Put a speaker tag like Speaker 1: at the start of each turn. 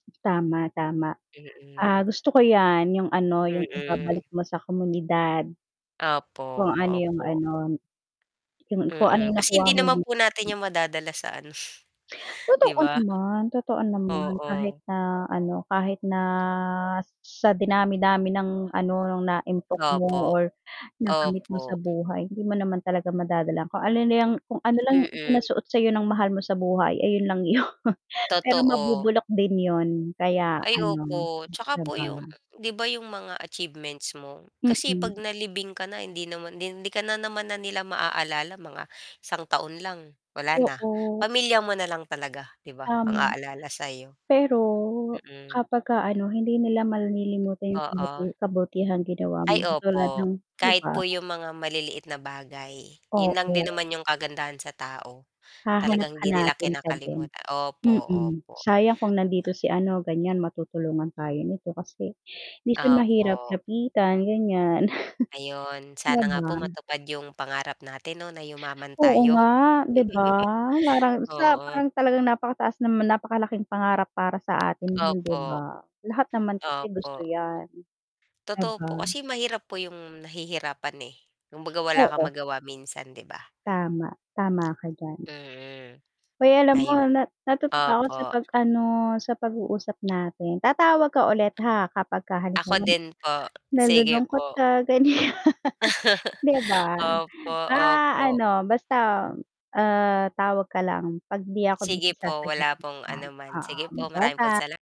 Speaker 1: Tama, tama. Ah,
Speaker 2: Mhm.
Speaker 1: gusto ko 'yan, 'yong ano, 'yong
Speaker 2: Mhm.
Speaker 1: ibabalik mo sa komunidad kung
Speaker 2: Opo,
Speaker 1: ano 'yong
Speaker 2: opo.
Speaker 1: ano 'yong kung ano
Speaker 2: Mm,
Speaker 1: 'yong
Speaker 2: kasi
Speaker 1: nakuha
Speaker 2: hindi
Speaker 1: mo
Speaker 2: naman
Speaker 1: di
Speaker 2: po natin
Speaker 1: mm.
Speaker 2: 'yan madadala sa ano, 'di
Speaker 1: Totoo
Speaker 2: ba?
Speaker 1: naman, totoo naman, kahit
Speaker 2: Oo.
Speaker 1: na ano, kahit na sa dinami-dami ng ano, no'ng naimpok mo
Speaker 2: Opo.
Speaker 1: or nakamit mo sa
Speaker 2: Opo.
Speaker 1: buhay hindi mo naman talaga madadala, kung ano na 'yang kung ano lang
Speaker 2: M
Speaker 1: 'yong
Speaker 2: mhm.
Speaker 1: ipinasuot sa 'yo ng mahal mo sa buhay, ayun lang 'yon, pero
Speaker 2: Totoo.
Speaker 1: mabubulok din 'yon kaya
Speaker 2: Ay
Speaker 1: ano,
Speaker 2: opo, 'tsaka
Speaker 1: 'di
Speaker 2: po 'yong,
Speaker 1: ba?
Speaker 2: 'di ba 'yong mga achievements mo? Kasi 'pag
Speaker 1: Mm.
Speaker 2: nalibing ka na, hindi naman 'di hindi ka na naman na nila maaalala; mga isang taon lang, wala na.
Speaker 1: Oo.
Speaker 2: Pamilya mo na lang talaga, 'di ba, ang
Speaker 1: Tama.
Speaker 2: aalala sa iyo.
Speaker 1: Pero,
Speaker 2: Mhm.
Speaker 1: kapagka ano, hindi nila malilimutan 'yong kabuti
Speaker 2: Oo.
Speaker 1: kabutihang ginawa mo,
Speaker 2: Ay,
Speaker 1: katulad
Speaker 2: opo,
Speaker 1: ng 'di
Speaker 2: kahit
Speaker 1: ba?
Speaker 2: po 'yong mga maliliit na bagay, 'yon lang din
Speaker 1: Oo.
Speaker 2: naman 'yong kagandahan sa tao. Talagang hindi nila
Speaker 1: Hahanap-hanapin ka din,
Speaker 2: kinakalimuta opo,
Speaker 1: mm.
Speaker 2: opo.
Speaker 1: "Sayang kung nandito
Speaker 2: Ah
Speaker 1: si ano, ganiyan, matutulungan tayo nito kasi hindi siya mahirap
Speaker 2: Opo.
Speaker 1: lapitan," ganiyan.
Speaker 2: Ayun,
Speaker 1: 'Di
Speaker 2: sana nga po
Speaker 1: ba?
Speaker 2: matupad 'yong pangarap natin 'no, na yumaman
Speaker 1: Oo
Speaker 2: tayo.
Speaker 1: nga, 'di ba? Parang sa
Speaker 2: Oo.
Speaker 1: parang talagang napakataas naman napakalaking pangarap para sa atin 'yon, 'di
Speaker 2: Opo.
Speaker 1: ba? Lahat naman kasi gusto
Speaker 2: Opo.
Speaker 1: 'yan, 'di
Speaker 2: Totoo po,
Speaker 1: ba?
Speaker 2: kasi mahirap po 'yong nahihirapan, eh, kumbaga wala kang
Speaker 1: Oo.
Speaker 2: magawa minsan 'di ba?
Speaker 1: Tama, tama ka diyan.
Speaker 2: Mm,
Speaker 1: Hoy, alam mo,
Speaker 2: ayun,
Speaker 1: nat natutuwa ako sa
Speaker 2: opo.
Speaker 1: pag-ano, sa pag-uusap natin; tatawag ka ulit, ha, kapag ka
Speaker 2: Ako
Speaker 1: halimbawa n
Speaker 2: din po, sige
Speaker 1: nalulungkot
Speaker 2: po.
Speaker 1: ka, ganiyan, 'di ba?
Speaker 2: Opo,
Speaker 1: Ah,
Speaker 2: opo.
Speaker 1: ano basta, uh, tawag ka lang, 'pag 'di ako
Speaker 2: Sige
Speaker 1: busy,
Speaker 2: po, wala
Speaker 1: sasagutiin
Speaker 2: pong
Speaker 1: kita,
Speaker 2: anuman,
Speaker 1: oo.
Speaker 2: sige po,
Speaker 1: Bye
Speaker 2: marami pong
Speaker 1: bye.
Speaker 2: sala